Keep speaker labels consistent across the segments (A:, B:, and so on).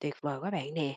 A: Tuyệt vời quá bạn nè.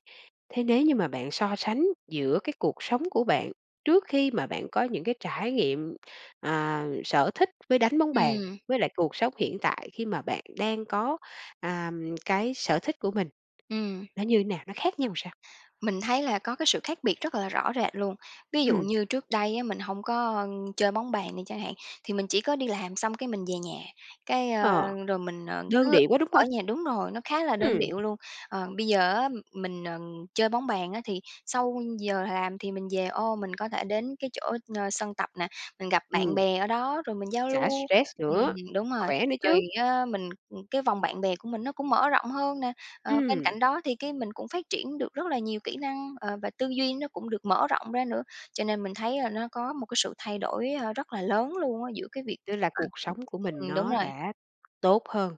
A: Thế nếu như mà bạn so sánh giữa cái cuộc sống của bạn trước khi mà bạn có những cái trải nghiệm, à, sở thích với đánh bóng bàn,
B: Ừm.
A: với lại cuộc sống hiện tại khi mà bạn đang có, à, cái sở thích của mình,
B: Ừm.
A: nó như nào? Nó khác nhau làm sao?
B: Mình thấy là có cái sự khác biệt rất là rõ rệt luôn. Ví dụ
A: Ừm.
B: như trước đây á mình hông có chơi bóng bàn đi chẳng hạn, thì mình chỉ có đi làm xong cái mình về nhà, cái, ờ,
A: Ờ,
B: rồi mình, ờ,
A: đơn
B: cứ
A: điệu quá, đúng hông?
B: ở nhà đúng rồi, nó khá là đơn
A: Ừm.
B: điệu luôn. Ờ, bây giờ á mình, ờ, chơi bóng bàn á thì sau giờ làm thì mình về ô mình có thể đến cái chỗ, ờ, sân tập nè, mình gặp bạn
A: Ừm.
B: bè ở đó rồi mình giao
A: Xả
B: lưu.
A: stress nữa,
B: Ừm, đúng rồi,
A: khỏe nữa
B: rồi
A: chứ.
B: á mình ừm, cái vòng bạn bè của mình nó cũng mở rộng hơn nè, ờ, bên
A: Ừm.
B: cạnh đó thì cái mình cũng phát triển được rất là nhiều kỹ năng, ờ, và tư duy nó cũng được mở rộng ra nữa, cho nên mình thấy là nó có một cái sự thay đổi, ờ, rất là lớn luôn á giữa cái việc,
A: Tức là cuộc sống của mình
B: ừm, đúng
A: nó
B: rồi.
A: đã tốt hơn,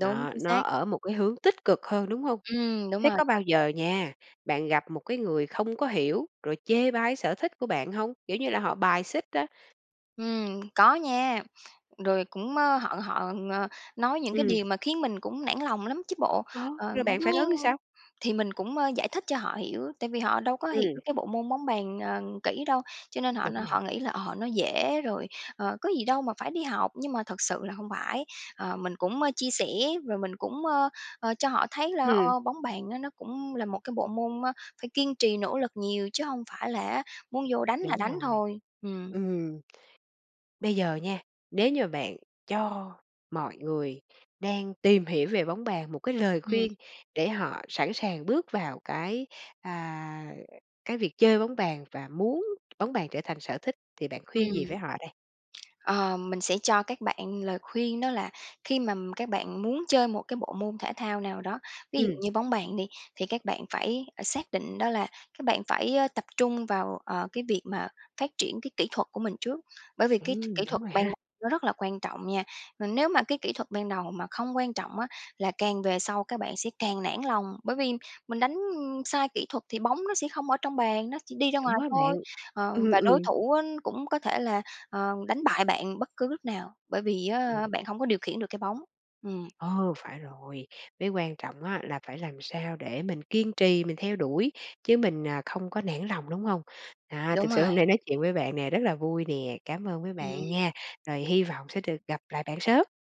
B: Đúng, chính
A: nó
B: xác.
A: ở một cái hướng tích cực hơn, đúng hông?
B: Ừm, đúng
A: Thế
B: rồi.
A: có bao giờ nha, bạn gặp một cái người không có hiểu rồi chê bai sở thích của bạn hông? Kiểu như là, họ bài xích á.
B: Ừm, có nha. Rồi cũng, a, họ họ, ờ, nói những cái
A: Ừm.
B: điều mà khiến mình cũng nản lòng lắm chứ bộ.
A: Ồ,
B: Ờ,
A: rồi bạn
B: giống
A: phản
B: như
A: ứng sao?
B: thì mình cũng, ơ, giải thích cho họ hiểu, tại vì họ đâu có hiểu
A: Ừm.
B: cái bộ môn bóng bàn, ờ, kỹ đâu, cho nên họ
A: Đúng
B: nó
A: rồi.
B: họ nghĩ là, ờ, nó dễ rồi, ờ, có gì đâu mà phải đi học, nhưng mà thật sự là hông phải. Ờ, mình cũng, ơ, chia sẻ và mình cũng, ơ, ờ, cho họ thấy là,
A: Ừm.
B: ờ, bóng bàn á nó cũng là một cái bộ môn, á, phải kiên trì nỗ lực nhiều chứ hông phải là, á, muốn vô đánh là
A: Đúng
B: đánh
A: rồi.
B: thôi, ừm.
A: Ừm, bây giờ nha, nếu như bạn cho mọi người đang tìm hiểu về bóng bàn một cái lời
B: Ừm.
A: khuyên để họ sẵn sàng bước vào cái, à, cái việc chơi bóng bàn và muốn bóng bàn trở thành sở thích thì bạn
B: Ừm.
A: khuyên gì với họ đây?
B: Ờ, mình sẽ cho các bạn lời khuyên đó là khi mà các bạn muốn chơi một cái bộ môn thể thao nào đó, ví dụ
A: Ừm.
B: như bóng bàn đi, thì các bạn phải, à, xác định đó là các bạn phải, a, tập trung vào, ờ, cái việc mà phát triển cái kỹ thuật của mình trước, bởi vì cái
A: Ừm,
B: kỹ
A: đúng
B: thuật
A: rồi
B: ban
A: ha.
B: nó rất là quan trọng nha. Mà nếu mà cái kỹ thuật ban đầu mà không quan trọng á là càng về sau các bạn sẽ càng nản lòng, bởi vì mình đánh sai kỹ thuật thì bóng nó sẽ không ở trong bàn, nó chỉ đi ra ngoài
A: Đúng á bạn.
B: thôi. Ờ,
A: Ừm,
B: và đối
A: ừm.
B: thủ á cũng có thể là, ờ, đánh bại bạn bất cứ lúc nào, bởi vì,
A: Đúng.
B: á, bạn hông có điều khiển được cái bóng, ừm.
A: Ờ, phải rồi. Cái quan trọng á là phải làm sao để mình kiên trì, mình theo đuổi chứ mình, à, không có nản lòng, đúng hông? À,
B: Đúng
A: thực sự
B: rồi.
A: hôm nay nói chuyện với bạn nè, rất là vui nè, cám ơn với bạn
B: Ừm.
A: nha. Rồi hi vọng sẽ được gặp lại bạn sớm.